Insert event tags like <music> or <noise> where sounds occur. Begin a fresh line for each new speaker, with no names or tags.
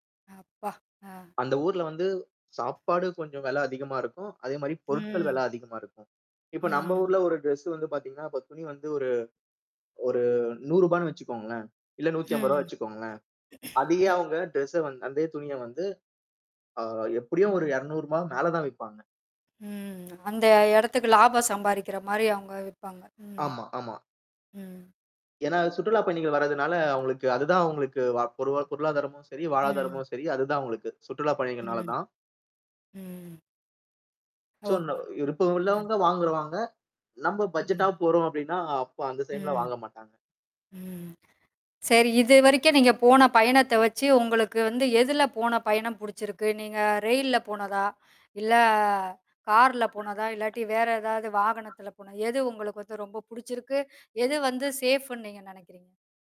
அப்பா! அ.
அந்த ஊர்ல வந்து சாப்பாடு கொஞ்சம் வில அதிகமா இருக்கும். அதேமாரி பொருட்கள்
ம்.
வில அதிகமா இருக்கும். இப்ப நம்ம
ம்.
ஊர்ல ஒரு டிரெஸ் வந்து பார்த்தீங்கன்னா, இப்ப துணி வந்து ஒரு, ஒரு ₹100 ன்னு வச்சிக்கோங்களேன்! இல்ல ₹150
ம்.
வச்சிக்கோங்களேன்.
<clears throat>
அதேயே
ம்.
அவுங்க டிரெஸ் வந்து அதே துணிய வந்து, அ, எப்பிடியும் ஒரு ₹200 மேல தான் விப்பாங்க.
ம். அந்த இடத்துக்கு லாபம் சம்பாரிக்கிறமாரி அவுங்க விப்பாங்க. ம்.
ஆமா, ஆமா.
ம்.
ஏன்னா சுற்றுலாப் பயணிகள் வர்றதுனால, அவுங்களுக்கு அதுதான் அவுங்களுக்கு பொருளாதாரமும் சரி,
ம்.
வாழ்வாதாரமும் சரி, அதுதான் அவுங்களுக்கு சுற்றுலாப் பயணிகள்னால
ம்.
தான்.
ம்.
சோ, நா
ஒகே.
விருப்பம் உள்ளவங்க வாங்குவாங்க. நம்ம
ம்.
பட்ஜெட்டாவும் போறோம் அப்டின்னா, அப்ப அந்த டைம்ல
ம்.
வாங்க மாட்டாங்க.
ம். சரி. இதுவரைக்கும் நீங்க போன பயணத்த வச்சு உங்களுக்கு வந்து எதுல போன பயணம் பிடிச்சிருக்கு? நீங்க ரெயில்ல போனதா? இல்ல கார்ல போனதா? இல்லாட்டி வேற ஏதாவது வாகனத்தில போனதா? எது உங்களுக்கு வந்து ரொம்ப புடிச்சிருக்கு. எது வந்து சேஃப் ன்னு நீங்க நினைக்கிறீங்க?